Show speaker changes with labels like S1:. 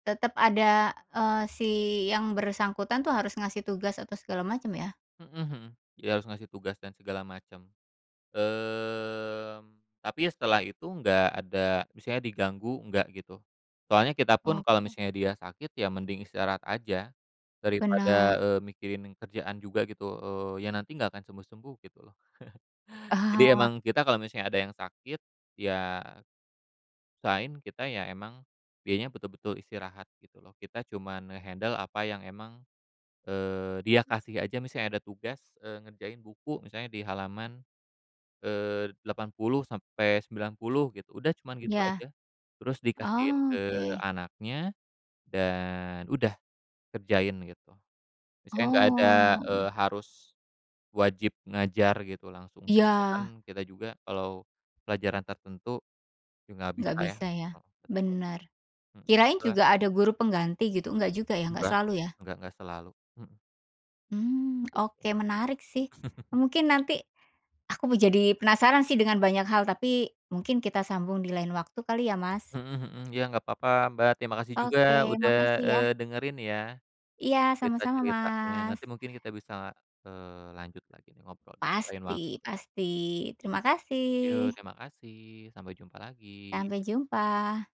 S1: Tetep ada, eee, si yang bersangkutan tuh harus ngasih tugas atau segala macem ya?
S2: Mhm mhm. Dia harus ngasih tugas dan segala macem. Mmm, tapi ya setelah itu nggak ada misalnya diganggu, enggak gitu. Soalnya kita pun kalau
S1: Oke.
S2: misalnya dia sakit, ya mending istirahat aja. Daripada,
S1: Benar.
S2: eee, mikirin kerjaan juga gitu, eee, ya nanti nggak akan sembuh-sembuh gitu loh. Jadi
S1: Ah.
S2: emang kita kalau misalnya ada yang sakit, ya usahain kita ya emang dianya betul-betul istirahat gitu loh. Kita cuma nge-handle apa yang emang, eee, dia kasih aja. Misalnya ada tugas, eee, ngerjain buku misalnya di halaman, eee, 80-90 gitu, udah cuman gitu
S1: Ya.
S2: aja. Terus dikasihin ke
S1: Oke.
S2: anaknya, dan udah kerjain gitu. Misalnya nggak ada,
S1: Oh.
S2: eee, harus wajib ngajar gitu langsung. Karena kan
S1: Iya.
S2: kita juga kalau pelajaran tertentu juga nggak
S1: Nggak
S2: bisa ya.
S1: bisa ya.
S2: Heeh, betul.
S1: Bener.
S2: Hmm,
S1: Kirain
S2: la
S1: juga ada guru pengganti gitu, nggak juga ya, nggak
S2: Nggak.
S1: selalu ya?
S2: Nggak nggak selalu, mhm.
S1: Hmm,
S2: Gitu.
S1: oke. Menarik sih, mungkin nanti aku mau jadi penasaran sih dengan banyak hal, tapi mungkin kita sambung di lain waktu kali ya Mas.
S2: Mhm mhm. Ya nggak papa Mbak. Terima kasih juga
S1: Oke
S2: udah,
S1: makasih ya.
S2: eee, dengerin ya
S1: Iya, sama-sama
S2: cerita-ceritanya.
S1: Mas.
S2: Nanti mungkin kita bisa, eee, lanjut lagi nih ngobrol di lain
S1: Pasti
S2: waktu.
S1: pasti. Terima
S2: Yok,
S1: kasih.
S2: terima kasih sampai jumpa lagi.
S1: Sampai jumpa.